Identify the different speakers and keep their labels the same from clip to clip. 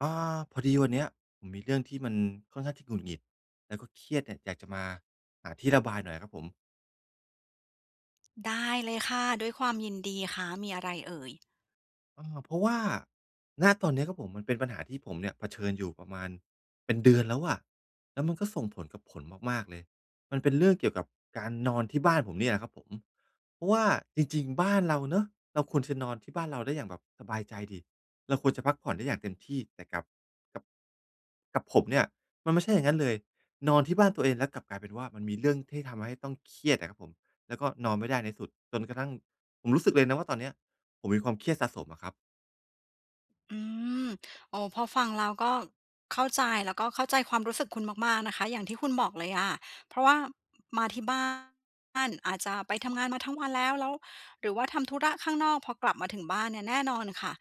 Speaker 1: อ่า พอดีวันเนี้ยผมมีเรื่องที่มันค่อนข้างที่หงุดหงิด แล้วก็เครียดเนี่ยอยากจะมาหาที่ระบายหน่อยครับผม
Speaker 2: ได้เลยค่ะ ด้วยความยินดีคะ มีอะไรเอ่ย?
Speaker 1: อา เพราะว่า ณ ตอนนี้ครับผม มันเป็นปัญหาที่ผมเนี่ยเผชิญอยู่ประมาณเป็นเดือนแล้วอะ แล้วมันก็ส่งผลกับผลมาก ๆ เลย มันเป็นเรื่องเกี่ยวกับการนอนที่บ้านผมเนี่ยแหละครับผม เพราะว่าจริง ๆ บ้านเราเนาะ เราควรจะนอนที่บ้านเราได้อย่างแบบสบายใจสิ เราควรจะพักผ่อนได้อย่างเต็มที่ แต่กับ กับ กับผมเนี่ยมันไม่ใช่อย่างงั้นเลย นอนที่บ้านตัวเองแล้วกลับกลายเป็นว่า มันมีเรื่องที่ทำให้ต้องเครียดอะครับผม แล้วก็นอนไม่ได้ในที่สุด จนกระทั่งผมรู้สึกเลยนะว่า ตอนเนี้ยผมมีความเครียดสะสมอะครับ
Speaker 2: อืม โอ้ พอฟังเราก็เข้าใจ แล้วก็เข้าใจความรู้สึกคุณมาก ๆ นะคะ อย่างที่คุณบอกเลยอะ เพราะว่ามาที่บ้าน อาจจะไปทำงานมาทั้งวันแล้ว แล้ว หรือว่าทำธุระข้างนอก พอกลับมาถึงบ้านเนี่ยแน่นอนค่ะ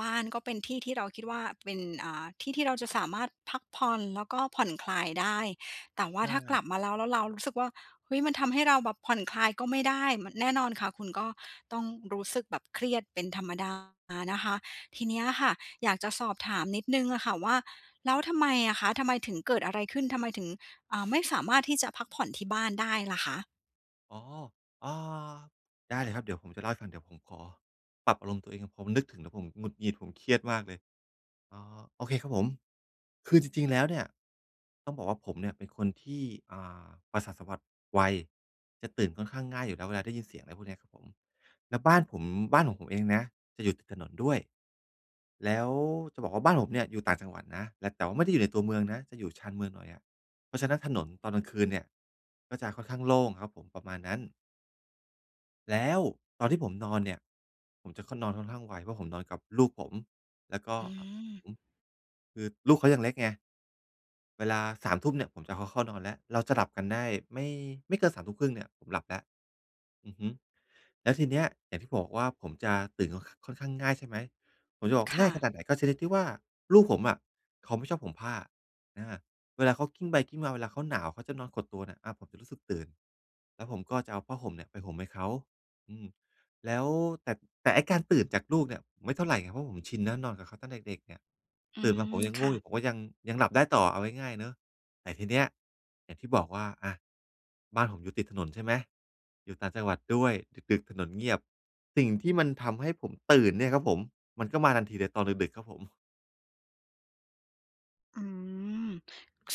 Speaker 2: บ้านก็เป็นที่ที่เราคิดว่าเป็น อ่า ที่ที่เราจะสามารถพักผ่อนแล้วก็ผ่อนคลายได้ แต่ว่
Speaker 1: ใ
Speaker 2: า
Speaker 1: ช
Speaker 2: ถ้ากล
Speaker 1: ่
Speaker 2: ับมาแล้ว แล้วเรารู้สึกว่า เฮ้ย มันทำให้เราแบบผ่อนคลายก็ไม่ได้ ม แน่นอนค่ะ คุณก็ต้องรู้สึกแบบเครียดเป็นธรรมดานะคะ ทีนี้อะค่ะ อยากจะสอบถามนิดหนึ่งอะค่ะว่า แล้วทำไมอะคะ ทำไมถึง เกิดอะไรขึ้น ทำไมถึง อ่า ไม่สามารถที่จะพักผ่อนที่บ้านได้ล่ะคะ?
Speaker 1: อ๋อ อา ได้เลยครับ เดี๋ยวผมจะเล่าให้ฟัง เดี๋ยวผมขอปรับอารมณ์ตัวเอง ผมนึกถึงแล้วผมหงุดหงิด ผมเครียดมากเลย อ๋อ โอเคครับผม คือจริง ๆ แล้วเนี่ยต้องบอกว่า ผมเนี่ยเป็นคนที่ อ่า ประสาทสัมผัสไว จะตื่นค่อนข้างง่ายอยู่แล้วเวลาได้ยินเสียง อะไรพวกนี้ครับผม แล้วบ้านผม บ้านของผมเองนะจะอยู่ติดถนนด้วย แล้วจะบอกว่า บ้านผมเนี่ย อยู่ต่างจังหวัดนะ แล้ว แต่ว่าไม่ได้อยู่ในตัวเมืองนะ จะอยู่ชานเมืองหน่อยอะ เพราะฉะนั้นถนนตอนกลางคืนเนี่ย ก็จะค่อนข้างโล่งครับผม ประมาณนั้น แล้วตอนที่ผมนอนเนี่ย ผมจะนอนค่อน นอนค่อนข้างไว เพราะผมนอนกับลูกผม แล้วก็
Speaker 2: อืม
Speaker 1: ผม คือลูกเขายังเล็กไง เวลา 21:00 น. เนี่ยผมจะเอาเขาเข้านอน แล้วเราจะหลับกันได้ไม่ ไม่เกิน 21:30 น. เนี่ยผมหลับแล้ว อือฮึ แล้วทีนี้ อย่างที่ผมบอกว่าผมจะตื่นค่อน ข ค่อนข้างง่าย ใช่ไหม ผมจะบอก
Speaker 2: ค
Speaker 1: ง่
Speaker 2: ่
Speaker 1: ายขน
Speaker 2: ะ
Speaker 1: าดไหน ก็ชนิดที่ว่า ลูกผมอะเขาไม่ชอบห่มผ้า อ่า เวลาเขากลิ้งไปกลิ้งมา เวลาเขาหนาว เขาจะนอนขดตัวเนี่ย อ่า ผมจะรู้สึกตื่น แล้วผมก็จะเอาผ้าห่มเนี่ยไปห่มให้เขา อืม แล้ว แต่ แต่ไอ้การตื่นจากลูกเนี่ยไม่เท่าไรไง เพราะผมชินแล้ว นอนกับเขาตั้งแต่เด็ก ๆ เนี่ย
Speaker 2: อื
Speaker 1: ตื่นมา
Speaker 2: ม
Speaker 1: ผมยัง
Speaker 2: ค
Speaker 1: ง่
Speaker 2: ่
Speaker 1: วงอ
Speaker 2: ะ
Speaker 1: ยู่ผม ก็ยัง ยังหลับได้ต่อเอาง่าย ๆ เนาะ แต่ทีนี้อย่างที่บอกว่า อะ บ้านผมอยู่ติดถนน ใช่ไหม อยู่ต่างจังหวัดด้วย ดึก ๆ ถนนเงียบ สิ่งที่มันทำให้ผมตื่นเนี่ยครับผม มันก็มาทันทีเลยตอนดึก ๆ ครับผม
Speaker 2: อืม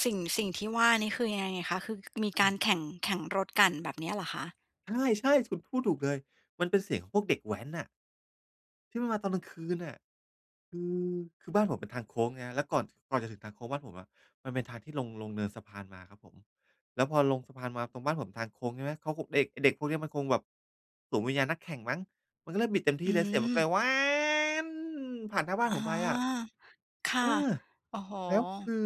Speaker 2: สิ่ง สิ่งที่ว่านี่คือยังไงคะ? คือมีการแข่ง แข่งรถกันแบบเนี้ยเหรอคะ?
Speaker 1: ใช่ ๆ คุณพูดถูกเลย มันเป็นเสียงของพวกเด็กแว้นน่ะ ที่มันมาตอนกลางคืนน่ะ คือ คือบ้านผมเป็นทางโค้งไงครับ แล้วก่อน ก่อนจะถึงทางโค้งบ้านผมอะ มันเป็นทางที่ลง ลงเนินสะพานมาครับผม แล้วพอลงสะพานมาตรงบ้านผมทางโค้งใช่ไหม เข้าคง เด็ก ไอ้เด็กพวกเนี้ย มันคงแบบสวมวิญญาณนักแข่งมั้ง มันก็เริ่มบิดเต็มท
Speaker 2: อ
Speaker 1: ี
Speaker 2: ื
Speaker 1: ่เลยเสียงมันก็เล
Speaker 2: ม
Speaker 1: ย ผ่านหน้าบ้
Speaker 2: อ๋
Speaker 1: า
Speaker 2: อ
Speaker 1: นผมไปอะ
Speaker 2: ค่ะ
Speaker 1: เออ
Speaker 2: โอ้โฮ!
Speaker 1: แล้วคือ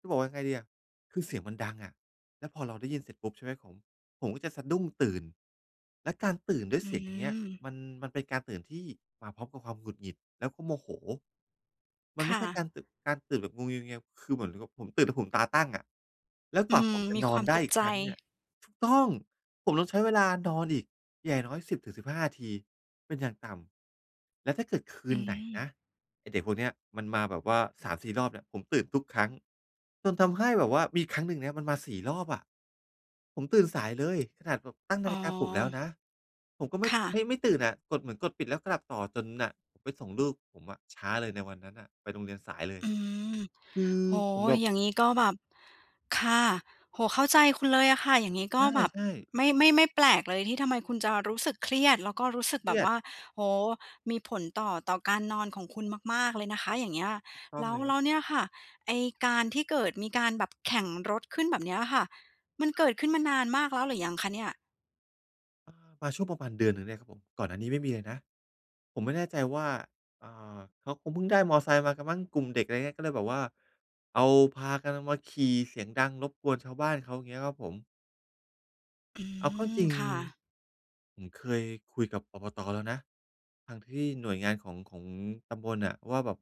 Speaker 1: จะบอกว่ายังไงดีอะ คือเสียงมันดังอะ แล้วพอเราได้ยินเสร็จปุ๊บ ใช่ไหมครับผม ผมก็จะสะดุ้งตื่น แล้วการตื่นด้วย
Speaker 2: อ
Speaker 1: เ
Speaker 2: ื
Speaker 1: สียง อย่างเงี้ย
Speaker 2: ม
Speaker 1: มัน มันเป็นการตื่นที่มาพร้อมกับความหงุดหงิด แล้วก็โมโห มัน
Speaker 2: ค
Speaker 1: ไม
Speaker 2: ่
Speaker 1: ่ใช่ก
Speaker 2: ะ
Speaker 1: ารตึ การตื่นแบบงัวเงีย ๆ คือเหมือนกับผมตื่นแล้วผมตาตั้งอะ แล้วก
Speaker 2: อื
Speaker 1: ว่าผ
Speaker 2: ม
Speaker 1: มจะ
Speaker 2: มี
Speaker 1: น
Speaker 2: ค
Speaker 1: อ
Speaker 2: วา
Speaker 1: น
Speaker 2: ม
Speaker 1: ได
Speaker 2: ต
Speaker 1: ้
Speaker 2: ก
Speaker 1: อีก
Speaker 2: ใจ
Speaker 1: ครั้งเนี่ย ถูกต้อง ผมต้องใช้เวลานอนอีกอย่างน้อย ๆ 10-15 นาทีเป็นอย่างต่ำ แล้วถ้าเกิดคื
Speaker 2: อื
Speaker 1: นไหนน
Speaker 2: ม
Speaker 1: ะ ไอ้เด็กพวกเนี้ยมันมาแบบว่า 3-4 รอบเนี่ย ผมตื่นทุกครั้ง จนทำให้แบบว่ามีครั้งหนึ่งเนี่ย มันมา 4 รอบอะ ผมตื่นสายเลย ขนาดแบบตั้งน
Speaker 2: อ๋
Speaker 1: าฬิกาปลุกแล้ว
Speaker 2: อ
Speaker 1: นะ ผมก็ไม่
Speaker 2: ค่ะ
Speaker 1: ไม่ ไม่ตื่นน่ะ กดเหมือนกดปิด แล้วก็หลับต่อจนน่ะ ผมไปส่งลูกผมอะ ช้าเลยในวันนั้นน่ะ ไปโรงเรียนสายเลย
Speaker 2: อืม
Speaker 1: คือ
Speaker 2: โอ้
Speaker 1: ผ
Speaker 2: โ
Speaker 1: ม
Speaker 2: ฮ!
Speaker 1: แบบ
Speaker 2: อย่างงี้ก็แบบ ค่ะ โอ้โฮ! เข้าใจคุณเลยอะค่ะ อย่างงี้ก
Speaker 1: ใ
Speaker 2: ็แบบ
Speaker 1: ช่ ๆ
Speaker 2: ไม่ ไม่ ไม่แปลกเลยที่ทำไมคุณจะรู้สึกเครียดแล้วก็รู้สึก
Speaker 1: เค
Speaker 2: แบ
Speaker 1: รี
Speaker 2: บ
Speaker 1: ย
Speaker 2: ว
Speaker 1: ด
Speaker 2: ่า โอ้โฮ! มีผลต่อ ต่อการนอนของคุณมาก ๆ เลยนะคะ อย่างเงี้ย
Speaker 1: ต้อ
Speaker 2: แล
Speaker 1: ง
Speaker 2: ้
Speaker 1: เ
Speaker 2: ว
Speaker 1: ลยค
Speaker 2: แ
Speaker 1: ร
Speaker 2: ล
Speaker 1: ับ
Speaker 2: ้วเนี่ยค่ะ ไอ้การที่เกิดมีการแบบแข่งรถขึ้น แบบเนี้ยค่ะ มันเกิดขึ้นมานานมากแล้วหรือยังคะเนี่ย?
Speaker 1: เออ มาช่วงประมาณเดือนหนึ่งเนี่ยครับผม ก่อนหน้านี้ไม่มีเลยนะ ผมไม่แน่ใจว่า อ่า เขาคงเพิ่งได้มอเตอร์ไซค์มากันมั้ง กลุ่มเด็ก อะไรเงี้ย ก็เลยแบบว่า เอา พากันเอามาขี่เสียงดังรบกวนชาวบ้านเขา เงี้ยครับผม
Speaker 2: อื
Speaker 1: เอาเข้า
Speaker 2: ม
Speaker 1: จริง
Speaker 2: ค่ะ
Speaker 1: ผมเคยคุยกับ ปปต. แล้วนะ ทางที่หน่วยงานของ ของตำบลน่ะว่าแบบ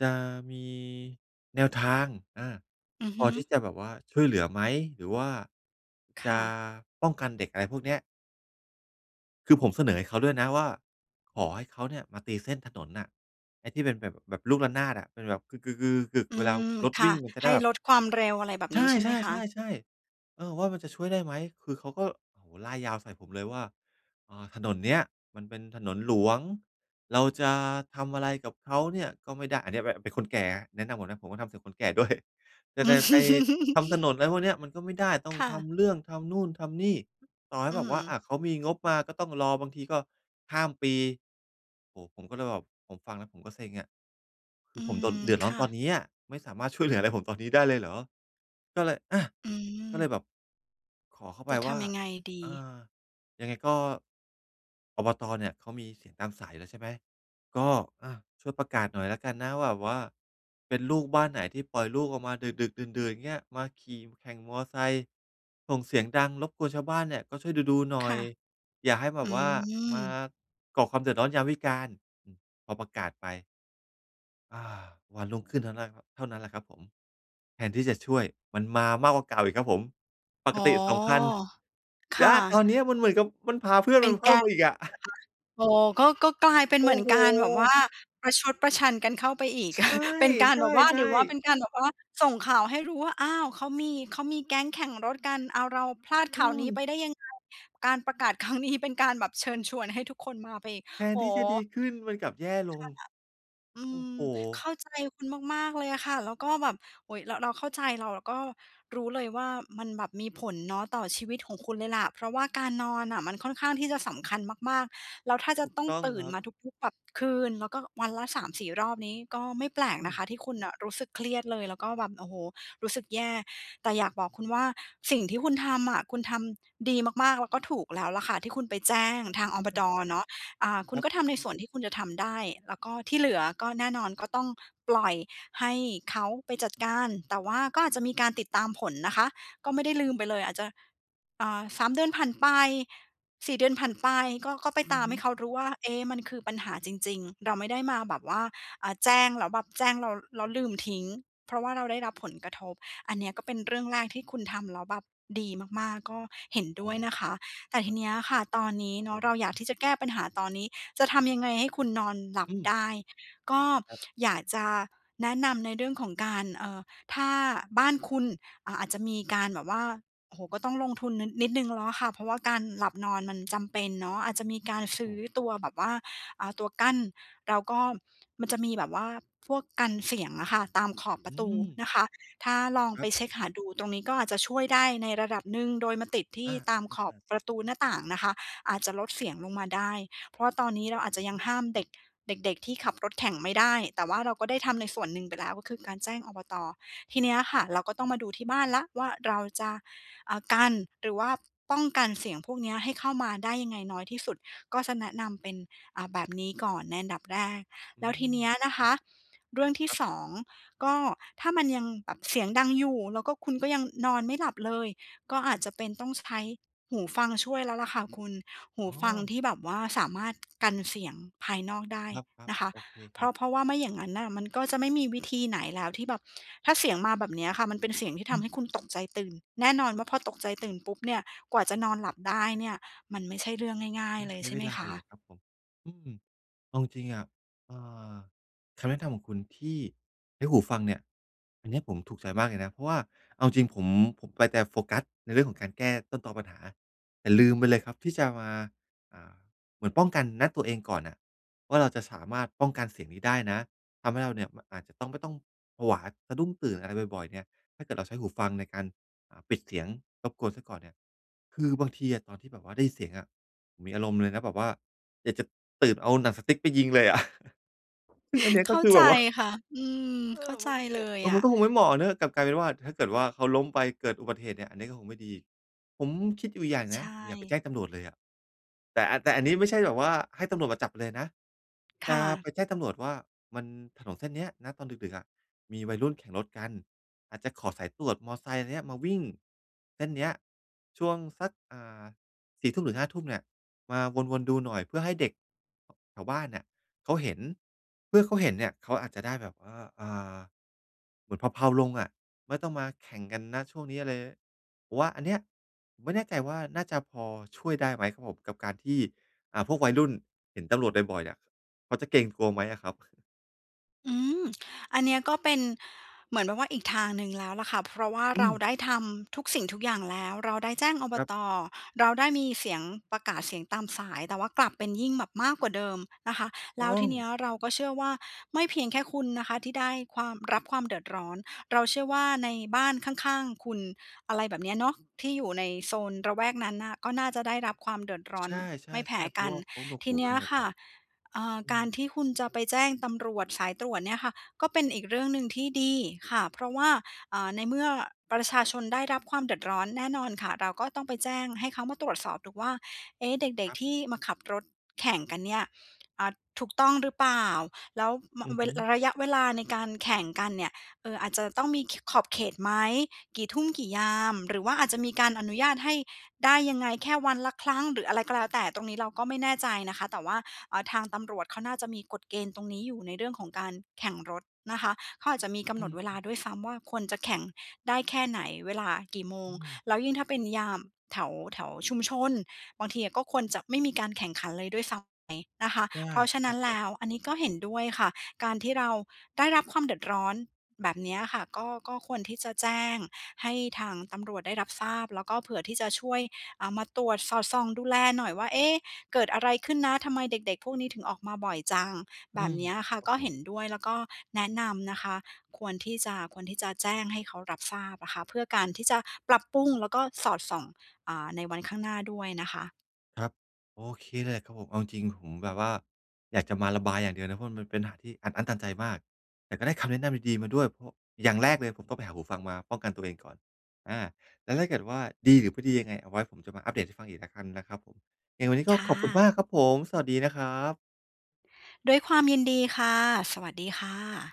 Speaker 1: จะมี แนวทาง อา
Speaker 2: อือ
Speaker 1: พ
Speaker 2: ฮ
Speaker 1: อ
Speaker 2: ึ
Speaker 1: ที่จะแบบว่าช่วยเหลือไหม? หรือว่า
Speaker 2: ค
Speaker 1: จ
Speaker 2: ่
Speaker 1: ะ
Speaker 2: ะ
Speaker 1: ป้องกันเด็ก อะไรพวกเนี้ย คือผมเสนอให้เขาด้วยนะว่า ขอให้เขาเนี่ยมาตีเส้นถนนน่ะ ไอ้ที่เป็นแบบ แบบลูกละนาดอะ อือ แบบ กือ ๆ ๆ กึก
Speaker 2: อื
Speaker 1: เวลา
Speaker 2: ม
Speaker 1: รถ
Speaker 2: ค
Speaker 1: ว
Speaker 2: ่
Speaker 1: ิ่
Speaker 2: ะ
Speaker 1: งอะจะไ
Speaker 2: ให
Speaker 1: ด้
Speaker 2: ้
Speaker 1: แบบ
Speaker 2: ลดความเร็ว อะไรแบบ
Speaker 1: ใช
Speaker 2: นี้ใช่ไหมคะ?
Speaker 1: ่ ๆ ๆ ๆ เออ ว่ามันจะช่วยได้ไหม? คือเขาก็ โอ้โฮ ร่ายยาวใส่ผมเลยว่า "อ่า ถนนเนี้ยมันเป็นถนนหลวง เราจะทำอะไรกับเขาเนี่ยก็ไม่ได้" อันเนี้ยแบบ อะ เป็นคนแก่นะ แนะนำก่อนนะ ผมก็ทำเป็นคนแก่ ด้วย "จะแบบ ไปทำถนน อะไรพวกเนี้ย มันก็ไม่ได้ ต้อ
Speaker 2: ค
Speaker 1: ง
Speaker 2: ่
Speaker 1: ท
Speaker 2: ะ
Speaker 1: ำเรื่อง ทำนู่นทำนี่ ต่อให
Speaker 2: อ
Speaker 1: ้
Speaker 2: ื
Speaker 1: แบ
Speaker 2: อฮ
Speaker 1: บว่า อ
Speaker 2: ึ
Speaker 1: ่า เขามีงบมาก็ต้องรอ บางทีก็ข้ามปี" โอ้โฮ! ผมก็เลยแบบ ผมฟังแล้วผมก็เซ็งอะ ค
Speaker 2: อ
Speaker 1: ื
Speaker 2: ื
Speaker 1: อผมโดน
Speaker 2: ม
Speaker 1: เดือดร้
Speaker 2: ค
Speaker 1: อน
Speaker 2: ่
Speaker 1: ตอน
Speaker 2: ะ
Speaker 1: นี้อะ ไม่สามารถช่วยเหลืออะไรผมตอนนี้ได้เลยเหรอ? ก็เลย อะ
Speaker 2: อื
Speaker 1: ก็เลย
Speaker 2: ม
Speaker 1: แบบ ขอเขาไ
Speaker 2: จ
Speaker 1: ป
Speaker 2: ะท
Speaker 1: ว่า
Speaker 2: ำยังไงดี?
Speaker 1: "อ่า ยังไงก็ อบต. เนี่ยเขามีเสียงตามสายอยู่แล้วใช่ไหม? ก็ อ่า ช่วยประกาศหน่อยแล้วกันนะ แบบว่า เป็นลูกบ้านไหนที่ปล่อยลูกออกมาดึก ๆ ดื่น ๆ เงี้ย มาขี่แข่งมอเตอร์ไซค์ส่งเสียงดังรบกวนชาวบ้านเนี่ย ก็ช่วยดู ๆ หน
Speaker 2: ค
Speaker 1: ่อ
Speaker 2: ่
Speaker 1: ย
Speaker 2: ะ
Speaker 1: อย่าให้แบ
Speaker 2: อื
Speaker 1: บว่า มา
Speaker 2: ม
Speaker 1: ก่อความเดือดร้อนยามวิการ" อืม ก็ประกาศไป อา วันรุ่งขึ้นเท่านั้น ล เท่านั้นแหละครับผม แทนที่จะช่วย มันมามากกว่าเก่าอีกครับผม ป
Speaker 2: อ
Speaker 1: ก
Speaker 2: ๋อ
Speaker 1: ติ 2 คัน
Speaker 2: ค
Speaker 1: ย
Speaker 2: ่
Speaker 1: ้า! ต
Speaker 2: ะ
Speaker 1: อนนี้มันเหมือนกับ มันพาเพื่อน
Speaker 2: เป
Speaker 1: ม
Speaker 2: ็
Speaker 1: ั
Speaker 2: น
Speaker 1: นเพ
Speaker 2: แก
Speaker 1: ิ่ม
Speaker 2: ๊
Speaker 1: ม
Speaker 2: ง
Speaker 1: าอีกอะ
Speaker 2: เหรอคะ? อ๋อ ก็ ก็กลายเป็น
Speaker 1: โ
Speaker 2: เ
Speaker 1: อ
Speaker 2: หม
Speaker 1: ้
Speaker 2: ือน
Speaker 1: โฮ!
Speaker 2: การแบบว่า ประชดประชันกันเข้าไปอีก
Speaker 1: ใช่
Speaker 2: เป็นการ
Speaker 1: ใ
Speaker 2: แบบว่า
Speaker 1: ช
Speaker 2: หร
Speaker 1: ่
Speaker 2: ือว่าเป
Speaker 1: ๆ
Speaker 2: ็นการแบบว่า ส่งข่าวให้รู้ว่า อ้าว! เขามี เขามีแก๊งแข่งรถกัน อ้าว เราพลาด
Speaker 1: อ
Speaker 2: ข
Speaker 1: ื
Speaker 2: ่าวนี้ไป
Speaker 1: ม
Speaker 2: ได้ยังไง? การประกาศครั้งนี้เป็นการแบบเชิญชวนให้ทุกคนมาไปอีก
Speaker 1: แท
Speaker 2: โ
Speaker 1: น
Speaker 2: อ้
Speaker 1: ที่
Speaker 2: โ
Speaker 1: จะดี
Speaker 2: ฮ!
Speaker 1: ขึ้น มันกลับแย่ล
Speaker 2: ค่
Speaker 1: ง
Speaker 2: ะ อื
Speaker 1: โอ้โ
Speaker 2: ม
Speaker 1: ฮ!
Speaker 2: เข้าใจคุณมาก ๆ เลยอะค่ะ แล้วก็แบบ โอ้โฮ เรา เราเข้าใจ เรา เราก็ รู้เลยว่ามันแบบมีผลเนาะต่อชีวิตของคุณเลยล่ะ เพราะว่าการนอนน่ะมันค่อนข้างที่จะสำคัญมาก ๆ แล้วถ้าจะ
Speaker 1: ถูก
Speaker 2: ต้อง
Speaker 1: ต้อง
Speaker 2: ตื่
Speaker 1: ค
Speaker 2: น
Speaker 1: รับ
Speaker 2: มาทุก ๆ แบบ คืน แล้วก็วันละ 3-4 รอบนี้ ก็ไม่แปลก
Speaker 1: อ
Speaker 2: น
Speaker 1: ื
Speaker 2: ะ
Speaker 1: ม
Speaker 2: คะที่คุณน่ะรู้สึกเครียดเลย แล้วก็แบบ โอ้โฮ รู้สึกแย่ แต่อยากบอกคุณว่าสิ่งที่คุณทำอะ คุณทำ ดีมาก ๆ แล้วก็ถูกแล้วล่ะค่ะที่คุณไปแจ้งทางอบต.
Speaker 1: [unintelligible]
Speaker 2: เนาะ อ่า คุ
Speaker 1: ค
Speaker 2: ณ
Speaker 1: รั
Speaker 2: ก
Speaker 1: บ
Speaker 2: ็ทำในส่วนที่คุณจะทำได้ แล้วก็ที่เหลือก็แน่นอนก็ต้องปล่อยให้เขาไปจัดการ แต่ว่าก็อาจจะมีการติดตามผลนะคะ ก็ไม่ได้ลืมไปเลย อาจจะ เอ่อ 3 เดือนผ่านไป 4 เดือนผ่านไป ก็ ก็ไป
Speaker 1: อื
Speaker 2: ต
Speaker 1: อ
Speaker 2: าม
Speaker 1: ฮ
Speaker 2: ใ
Speaker 1: ึ
Speaker 2: ห้เขารู้ว่า เอ๊ะ! มันคือปัญหาจริง ๆ เราไม่ได้มาแบบว่า อ่า แจ้งแล้วแบบ แจ้งแล้ว แล้วลืมทิ้ง เพราะว่าเราได้รับผลกระทบ อันเนี้ยก็เป็นเรื่องแรกที่คุณทำแล้วแบบ ดีมาก ๆ ก็เห็น
Speaker 1: อ
Speaker 2: ด
Speaker 1: ๋
Speaker 2: ้
Speaker 1: อ
Speaker 2: วยนะคะ แต่
Speaker 1: ค
Speaker 2: ท
Speaker 1: ร
Speaker 2: ี
Speaker 1: ับ
Speaker 2: เนี้ยค่ะ ตอนนี้
Speaker 1: ครับ
Speaker 2: เนา
Speaker 1: ผ
Speaker 2: ะ เรา
Speaker 1: ม
Speaker 2: อยากที่จะแก้ปัญหาตอนนี้ จะทำยังไงให้คุณนอนหลั
Speaker 1: อ
Speaker 2: บ
Speaker 1: ื
Speaker 2: ไ
Speaker 1: ม
Speaker 2: ด้ ก็
Speaker 1: ครับ
Speaker 2: อยากจะแนะนำในเรื่องของการ เอ่อ ถ้าบ้านคุณ อ่า อาจจะมีการแบบว่า โอ้โฮ ก็ต้องลงทุน นึด นิดหนึ่งแล้วล่ะค่ะ เพราะว่าการหลับนอนมันจำเป็นเนาะ อาจจะมีการ
Speaker 1: คร
Speaker 2: ซ
Speaker 1: ับ
Speaker 2: ื
Speaker 1: ผ
Speaker 2: ้อ
Speaker 1: ม
Speaker 2: ตัวแบบว่า อ่า ตัวกั้น แล้วก็มันจะมีแบบว่าพวกกันเสียงอะค่ะ ตามขอบป
Speaker 1: อ
Speaker 2: ร
Speaker 1: ื
Speaker 2: ะตู
Speaker 1: ม
Speaker 2: นะคะ ถ้าลอง
Speaker 1: ค
Speaker 2: ไ
Speaker 1: ร
Speaker 2: ป
Speaker 1: ับ
Speaker 2: เช็กหาดูตรงนี้ก็อาจจะช่วยได้ในระดับหนึ่ง โดยมาติดที
Speaker 1: อ
Speaker 2: ่
Speaker 1: า ๆ
Speaker 2: ตามขอ
Speaker 1: อ
Speaker 2: บ
Speaker 1: า ๆ
Speaker 2: ประตูหน้าต่างนะคะ อาจจะลดเสียงลงมาได้ เพราะว่าตอนนี้เร
Speaker 1: คร
Speaker 2: า
Speaker 1: ับ
Speaker 2: อาจ
Speaker 1: ผ
Speaker 2: จะยัง
Speaker 1: ม
Speaker 2: ห้ามเด็ก เด็ก ๆ ที่ขับรถแข่งไม่ได้ แต่ว่าเราก็ได้ทำในส่วนหนึ่งไปแล้ว ก็คือการแจ้ง อบต. ทีเนี้ยค่ะ เราก็ต้องมาดูที่บ้านแล้วว่า เราจะ อ่า กัน หรือว่า ป้องกันเสียงพวกเนี้ยให้เข้ามาได้ยังไงน้อยที่สุด ก็จะแนะนำเป็น อ่า แบบนี้ก่อนในอันดับแรก
Speaker 1: อื
Speaker 2: แล้วทีเ
Speaker 1: ม
Speaker 2: นี้ยนะ
Speaker 1: อ
Speaker 2: ค
Speaker 1: ือ
Speaker 2: ะ เรื่องที
Speaker 1: ค
Speaker 2: ่
Speaker 1: รับ
Speaker 2: 2 ก็ถ้ามันยังแบบเสียงดังอยู่ แล้วก็คุณก็ยังนอนไม่หลับเลย ก็อาจจะเป็นต้องใช้หูฟังช่วยแล้วล่ะค่ะคุณ หู
Speaker 1: อ๋
Speaker 2: ฟัง
Speaker 1: อ
Speaker 2: ที่แบบว่าสามารถกันเสียงภายนอกได้
Speaker 1: ครับ
Speaker 2: นะคะ
Speaker 1: ๆ โอเค
Speaker 2: เ
Speaker 1: ค
Speaker 2: พ
Speaker 1: ร
Speaker 2: ร
Speaker 1: ั
Speaker 2: า
Speaker 1: บ
Speaker 2: ะ เพราะว่าไม่อย่างงั้นน่ะ มันก็จะไม่มีวิธีไหนแล้วที่แบบ ถ้าเสียงมาแบบเนี้ยอะค่ะ มันเป็นเสียงที่
Speaker 1: อ
Speaker 2: ทำ
Speaker 1: ือ
Speaker 2: ให้คุณตกใจตื่น แน่นอนว่าพอตกใจตื่นปุ๊บเนี่ย กว่าจะนอนหลับได้เนี่ย มันไม่ใช่เรื่องง่า
Speaker 1: ต
Speaker 2: ย
Speaker 1: ้อ
Speaker 2: ๆ
Speaker 1: ง
Speaker 2: เล
Speaker 1: ใช
Speaker 2: ย
Speaker 1: ้
Speaker 2: ใช่
Speaker 1: เว
Speaker 2: ไหม
Speaker 1: ลา
Speaker 2: ค
Speaker 1: อีกอ
Speaker 2: ะ?
Speaker 1: ะครับผม อืม เอาจริง ๆ อะ เอ่อ คำแนะนำของคุณที่ เรื่องหูฟังเนี่ย อันเนี้ยผมถูกใจมากเลยนะ เพราะว่าเอาจริงผม ผมไปแต่โฟกัสในเรื่องของการแก้ต้นตอปัญหา แต่ลืมไปเลยครับที่จะมา อ่า เหมือนป้องกัน ณ ตัวเองก่อนน่ะว่า เราจะสามารถป้องกันเสียงนี้ได้นะ ทำให้เราเนี่ย ม อาจจะต้อง ไม่ต้อง ผวาสะดุ้งตื่นอะไรบ่อย ๆ เนี่ย ถ้าเกิดเราใช้หูฟังในการ อ่า ปิดเสียง รบกวนเสียก่อนเนี่ย คือบางทีอะ ตอนที่แบบว่าได้ยินเสียงอะ มีอารมณ์เลยนะแบบว่า อยากจะ ตื่นเอาหนังสติ๊กไปยิงเลยอะ ซึ่งอันนี้
Speaker 2: เ
Speaker 1: ก
Speaker 2: ข
Speaker 1: ็
Speaker 2: ้า
Speaker 1: คือ
Speaker 2: ใจ
Speaker 1: แบบว่า
Speaker 2: ค่ะ อืม
Speaker 1: เอ
Speaker 2: เข้
Speaker 1: อ
Speaker 2: า
Speaker 1: ม
Speaker 2: ใจ
Speaker 1: ันไม่เหม
Speaker 2: เล
Speaker 1: าะ
Speaker 2: ยอ
Speaker 1: มัน
Speaker 2: ะ
Speaker 1: ก็คงไม่เหมาะอะเนาะ กลับกลายเป็นว่า ถ้าเกิดว่าเขาล้มไปเกิดอุบัติเหตุเนี่ย อันนี้ก็คงไม่ดี ผมคิดอยู่อีกอย่างหนึ่
Speaker 2: ใ
Speaker 1: ง
Speaker 2: ช
Speaker 1: นะ ผมอยากไปแ
Speaker 2: ่
Speaker 1: จ้งตำรวจเลยอะ แต่ แต่อันนี้ไม่ใช่แบบว่า ให้ตำรวจมาจับไปเลยนะ
Speaker 2: ค
Speaker 1: จ
Speaker 2: ่
Speaker 1: ะ
Speaker 2: ะ
Speaker 1: ไปแจ้งตำรวจว่า มัน ถนนเส้นเนี้ย ณ ตอนดึก ๆ อะ มีวัยรุ่นแข่งรถกัน อาจจะขอสายตรวจมอไซค์ไรเนี่ยมาวิ่งเส้นเนี้ยช่วงสัก อ่า 4 ทุ่มถึง 5 ทุ่มเนี่ย มาวน ๆ ดูหน่อย เพื่อให้เด็ก แถวบ้านเนี่ยเขาเห็น เมื่อเขาเห็นเนี่ยเขาอาจจะได้แบบว่า อ่า เหมือนเพลา ๆ ลงอะ ไม่ต้องมาแข่งกัน ณ ช่วงนี้อะไร ร ผมว่าอันเนี้ย ผมไม่แน่ใจว่าน่าจะพอช่วยได้ไหมครับผม กับการที่ อ่า พวกวัยรุ่นเห็นตำรวจบ่อย ๆ เนี่ย เขาจะเกรงกลัวไหมอะครับ?
Speaker 2: อืม อันนี้ก็เป็นเหมือนแบบว่าอีกทางหนึ่งแล้วล่ะค่ะ เพราะว่า
Speaker 1: อ
Speaker 2: เร
Speaker 1: ื
Speaker 2: า
Speaker 1: ม
Speaker 2: ได้ทำทุกสิ่งทุกอย่างแล้ว เราได้แจ้ง อบ
Speaker 1: ครับ
Speaker 2: ต. เราได้มีเสียงประกาศเสียงตามสาย แต่ว่ากลับเป็นยิ่งแบบมากกว่าเดิมนะคะ แ
Speaker 1: ต
Speaker 2: ล
Speaker 1: ้
Speaker 2: ้ว
Speaker 1: อ
Speaker 2: ทีนี
Speaker 1: ง
Speaker 2: ้เราก็เชื่อว่า ไม่เพียงแค่คุณนะคะที่ได้ความ รับความเดือดร้อน เราเชื่อว่าในบ้านข้าง ๆ คุณ อะไรแบบเนี้ยเนาะ ที่อยู่ในโซนระแวกนั้นน่ะ ก็น่าจะได้รับความเดือดร้อ
Speaker 1: ใช
Speaker 2: น
Speaker 1: ่
Speaker 2: ไม่แพ้
Speaker 1: ๆ ๆ เพ
Speaker 2: ก
Speaker 1: รา
Speaker 2: ั
Speaker 1: ะ
Speaker 2: น
Speaker 1: ว่าเขาหนวก
Speaker 2: ที
Speaker 1: หู
Speaker 2: นี
Speaker 1: กั
Speaker 2: ้
Speaker 1: น
Speaker 2: อ
Speaker 1: หม
Speaker 2: ะ
Speaker 1: ด
Speaker 2: ค
Speaker 1: เล
Speaker 2: ่ะ
Speaker 1: ยอะ
Speaker 2: เอ่อ
Speaker 1: อื
Speaker 2: การ
Speaker 1: ม
Speaker 2: ที่คุณจะไปแจ้งตำรวจสายตรวจเนี่ยค่ะ ก็เป็นอีกเรื่องหนึ่งที่ดีค่ะ เพราะว่า อ่า ในเมื่อประชาชนได้รับความเดือดร้อนแน่นอนค่ะ เราก็ต้องไปแจ้งให้เขามาตรวจสอบดูว่า เอ๊ะ เด็
Speaker 1: ค
Speaker 2: ก
Speaker 1: รับ
Speaker 2: ๆ ที่มาขับรถแข่งกันเนี่ย อ่า ถูกต้องหรือเปล่า แล้ว ม
Speaker 1: อือ
Speaker 2: เว
Speaker 1: ฮึ
Speaker 2: ระยะเวลาในการแข่งกันเนี่ย เอ่อ อาจจะต้องมี ข ขอบเขตไหม? กี่ทุ่มกี่ยาม หรือว่าอาจจะมีการอนุญาตให้ได้ยังไง แค่วันละครั้งหรืออะไรก็แล้วแต่ ตรงนี้เราก็ไม่แน่ใจนะคะ แต่ว่า เอ่อ ทางตำรวจเขาน่าจะมีกฎเกณฑ์ตรงนี้อยู่ในเรื่องของการแข่งรถนะคะ เขาอาจจะมีกำ
Speaker 1: อ
Speaker 2: ห
Speaker 1: ื
Speaker 2: นดเวลา
Speaker 1: ม
Speaker 2: ด้วยซ้ำว่า ควรจะแข่งได้แค่ไหน เวลากี่โม
Speaker 1: อ
Speaker 2: ง
Speaker 1: ืม
Speaker 2: แล้วยิ่งถ้าเป็นยาม แถว แถวชุมชน บางทีก็ควรจะไม่มีการแข่งขันเลยด้วยซ้ำไปนะคะ
Speaker 1: ใช่
Speaker 2: เพราะฉ
Speaker 1: ใ
Speaker 2: ะ
Speaker 1: ช
Speaker 2: นั
Speaker 1: ่
Speaker 2: ้น
Speaker 1: ค
Speaker 2: แล
Speaker 1: รับ
Speaker 2: ้วอันนี้ก็เห็นด้วยค่ะ การที่เราได้รับความเดือดร้อนแบบนี้อะค่ะ ก็ ก็ควรที่จะแจ้งให้ทางตำรวจได้รับทราบ แล้วก็เผื่อที่จะช่วย อา มาตรวจสอดส่องดูแลหน่อยว่า เอ๊ะ เกิดอะไรขึ้นนะ ทำไมเด็ก ๆ พวกนี้ถึงออกมาบ่อยจัง แ
Speaker 1: อ
Speaker 2: บ
Speaker 1: ื
Speaker 2: บ
Speaker 1: ม
Speaker 2: เนี้ยอะค่ะ
Speaker 1: ครั
Speaker 2: ก
Speaker 1: บ
Speaker 2: ็
Speaker 1: ผ
Speaker 2: เห็
Speaker 1: ม
Speaker 2: นด้วย แล้วก็แนะนำนะคะ ควรที่จะ ควรที่จะแจ้งให้เขารับทราบค่ะ เพื่อการที่จะปรับปรุงแล้วก็สอดส่อง อ่า ในวันข้างหน้าด้วยนะคะ
Speaker 1: ครับ โอเค เลยครับผม เอาจริง ๆ ผมแบบว่าอยากจะมาระบายอย่างเดียวเลยนะ เพราะมันเป็นปัญหาที่อัดอั้นตันใจมาก แต่ก็ได้คำแนะนำดี ๆ มาด้วย พ อย่างแรกเลยผมต้องไปหาหูฟังมาป้องกันตัวเองก่อน อา แล้วถ้าเกิดว่าดีหรือไม่ดียังไงเอาไว้ผมจะมาอัปเดตให้ฟังอีกแล้วกันนะครับผม ยังไงวันนี้
Speaker 2: ค
Speaker 1: ก็
Speaker 2: ่
Speaker 1: ขอบคุณม
Speaker 2: ะ
Speaker 1: ากครับผม สวัสดีนะครับ
Speaker 2: ด้วยความยินดีค่ะ สวัสดีค่ะ